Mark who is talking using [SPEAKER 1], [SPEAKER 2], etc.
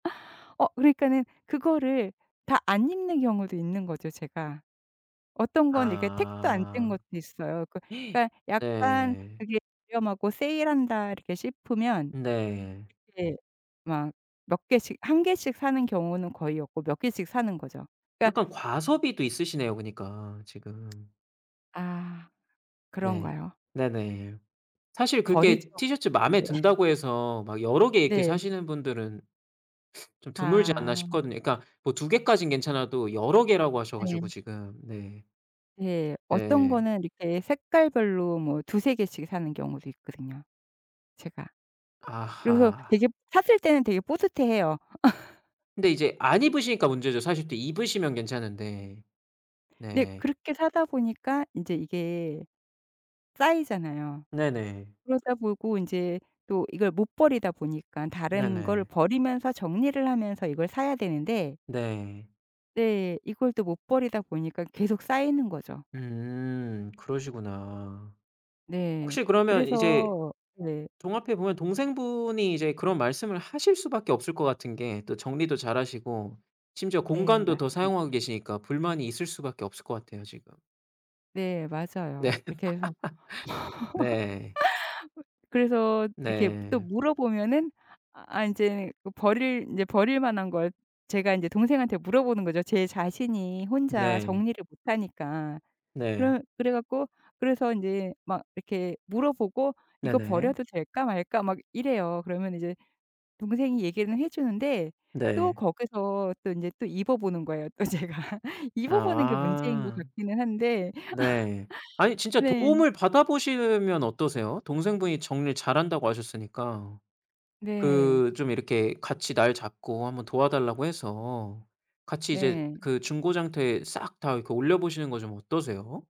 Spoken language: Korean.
[SPEAKER 1] 어, 그러니까는 그거를 다 안 입는 경우도 있는 거죠 제가. 어떤 건 이렇게 텍도 안 뗀
[SPEAKER 2] 아
[SPEAKER 1] 것도 있어요. 그 그니까 약간
[SPEAKER 2] 네.
[SPEAKER 1] 그게 유명하고 세일한다 이렇게 싶으면
[SPEAKER 2] 네.
[SPEAKER 1] 그게 막 몇 개씩 1 개씩 사는 경우는 거의 없고 몇 개씩 사는 거죠. 그니까
[SPEAKER 2] 약간 과소비도 있으시네요. 그니까 지금.
[SPEAKER 1] 아,
[SPEAKER 2] 네
[SPEAKER 1] 그런가요?
[SPEAKER 2] 네네 사실 그렇게
[SPEAKER 1] 버리지도
[SPEAKER 2] 티셔츠 마음에
[SPEAKER 1] 못하는 게.
[SPEAKER 2] 든다고 해서 막 여러 개 이렇게
[SPEAKER 1] 네.
[SPEAKER 2] 사시는 분들은 좀 드물지 않나
[SPEAKER 1] 아.
[SPEAKER 2] 싶거든요. 그러니까 뭐 2 개까진 괜찮아도 여러 개라고 하셔 가지고
[SPEAKER 1] 예.
[SPEAKER 2] 지금 네.
[SPEAKER 1] 예 어떤
[SPEAKER 2] 네.
[SPEAKER 1] 거는 이렇게 색깔별로 뭐 2-3 개씩 사는 경우도 있거든요 제가. 그래서
[SPEAKER 2] 아하.
[SPEAKER 1] 되게 샀을 때는 되게 뿌듯해해요.
[SPEAKER 2] 근데 이제 안 입으시니까 문제죠. 사실 또 입으시면 괜찮은데.
[SPEAKER 1] 네,
[SPEAKER 2] 네.
[SPEAKER 1] 그렇게 사다 보니까 인제 이게 쌓이잖아요.
[SPEAKER 2] 네네.
[SPEAKER 1] 그러다 보고 인제 또 이걸 못 버리다 보니깐 다른 걸
[SPEAKER 2] 네네.
[SPEAKER 1] 버리면서 정리를 하면서 이걸 사야 되는데
[SPEAKER 2] 네.
[SPEAKER 1] 네, 이걸 또 못 버리다 보니까 계속 쌓이는 거죠.
[SPEAKER 2] 음 그러시구나.
[SPEAKER 1] 네.
[SPEAKER 2] 혹시 그러면
[SPEAKER 1] 그래서
[SPEAKER 2] 이제
[SPEAKER 1] 네.
[SPEAKER 2] 종합해 보면 동생분이 이제 그런 말씀을 하실 수밖에 없을 것 같은 게 또 정리도 잘하시고 심지어
[SPEAKER 1] 네.
[SPEAKER 2] 공간도 더
[SPEAKER 1] 맞습니다.
[SPEAKER 2] 사용하고 계시니까 불만이 있을 수밖에 없을 것 같아요 지금.
[SPEAKER 1] 네,
[SPEAKER 2] 네
[SPEAKER 1] 맞아요. 이렇게 해서
[SPEAKER 2] 네.
[SPEAKER 1] 그래서 이렇게 또
[SPEAKER 2] 네.
[SPEAKER 1] 물어보면은 아 인제 그 버릴 인제 버릴 만한 걸 제가 인제 동생한테 물어보는 거죠 제 자신이 혼자
[SPEAKER 2] 네.
[SPEAKER 1] 정리를 못 하니까.
[SPEAKER 2] 네.
[SPEAKER 1] 그럼 그래 갖고 그래서 인제 막 이렇게 물어보고 "이거
[SPEAKER 2] 네네.
[SPEAKER 1] 버려도 될까 말까?" 막 이래요. 그러면 이제 동생이 얘기는 해 주는데 또
[SPEAKER 2] 네.
[SPEAKER 1] 거기서 또 인제 또 입어보는 거예요. 또 제가 입어보는 게 문제인 것
[SPEAKER 2] 아.
[SPEAKER 1] 같기는 한데
[SPEAKER 2] 네 아니 진짜
[SPEAKER 1] 네.
[SPEAKER 2] 도움을 받아보시면 어떠세요? 동생분이 정리를 잘한다고 하셨으니까
[SPEAKER 1] 네.
[SPEAKER 2] 그 좀 이렇게 같이 날 잡고 한 번 도와달라고 해서 같이 이제
[SPEAKER 1] 네.
[SPEAKER 2] 그 중고 장터에 싹 다 그 올려보시는 거 좀 어떠세요?